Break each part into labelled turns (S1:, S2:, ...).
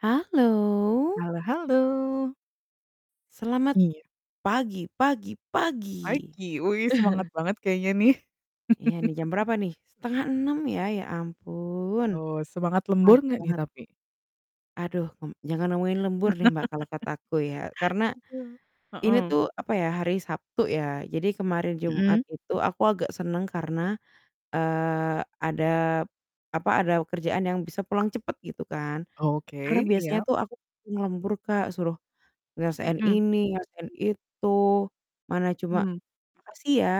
S1: Halo.
S2: Halo halo.
S1: Selamat
S2: Iya.
S1: pagi pagi pagi!
S2: Pagi. Wuih semangat banget kayaknya nih.
S1: Iya nih jam berapa nih? 05.30 ya, ya ampun.
S2: Oh, semangat lembur
S1: Pagi
S2: nggak nih
S1: banget.
S2: tapi?
S1: Aduh, m jangan ngomongin lembur deh, Mbak, kalo kata aku ya. Karena,
S2: Gitu,
S1: ini
S2: heeh.
S1: tuh apa ya hari Sabtu ya. Jadi kemarin Jumat
S2: Mhm.
S1: itu aku agak seneng karena, eee, ada p apa, ada kerjaan yang bisa pulang cepet gitu kan. Karena
S2: Oke,
S1: biasanya
S2: iya.
S1: tuh aku ngelembur, Kak, suruh nyelesain
S2: Mhm.
S1: ini nyelesain itu. Mana cuma
S2: Hmm.
S1: "Makasih ya,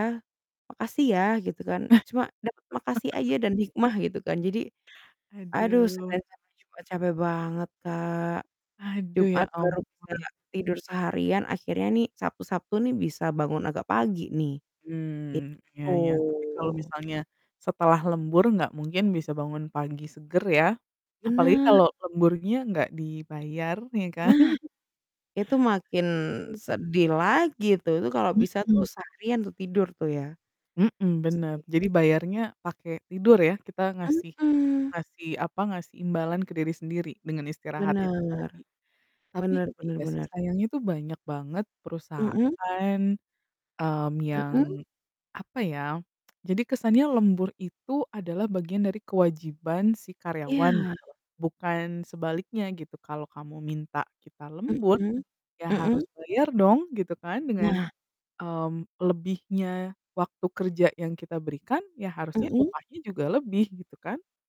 S1: makasih ya," gitu kan,
S2: Hah?
S1: cuma dapet makasih aja dan hikmah gitu kan. Jadi, aduh
S2: Aduh.
S1: sebenernya capek juga capek banget, Kak.
S2: Aduh, ya
S1: Jumat baru bisa
S2: ampun.
S1: tidur seharian, akhirnya nih, Sabtu Sabtu nih bisa bangun agak pagi nih,
S2: Mmm, ya
S1: gitu.
S2: ya, tapi kalau misalnya, setelah lembur nggak mungkin bisa bangun pagi seger ya. Apalagi
S1: Bener.
S2: kalau lemburnya nggak dibayar ya kan.
S1: Nah. Itu makin
S2: Mhm.
S1: sedih lagi tuh itu kalau bisa tuh
S2: Mhm.
S1: seharian tuh tidur tuh ya,
S2: Mhm,
S1: gitu sih.
S2: bener. Jadi bayarnya pake tidur ya, kita ngasih
S1: Mhm.
S2: ngasih apa, ngasih imbalan ke diri sendiri dengan istirahat itu
S1: Bener.
S2: tadi. Tapi,
S1: Bener bener
S2: iya sih
S1: bener.
S2: sayangnya itu banyak banget
S1: Mhm?
S2: perusahaan, mmm,
S1: Mhm?
S2: yang, apa ya, jadi kesannya lembur itu adalah bagian dari kewajiban si karyawan
S1: Iya.
S2: gitu loh, bukan sebaliknya gitu. Kalo kamu minta kita lembur,
S1: Mhm,
S2: ya harus
S1: mhm.
S2: bayar dong gitu kan dengan,
S1: Nah
S2: mmm, lebihnya waktu kerja yang kita berikan, ya harusnya
S1: Mhm?
S2: upahnya juga lebih, gitu kan?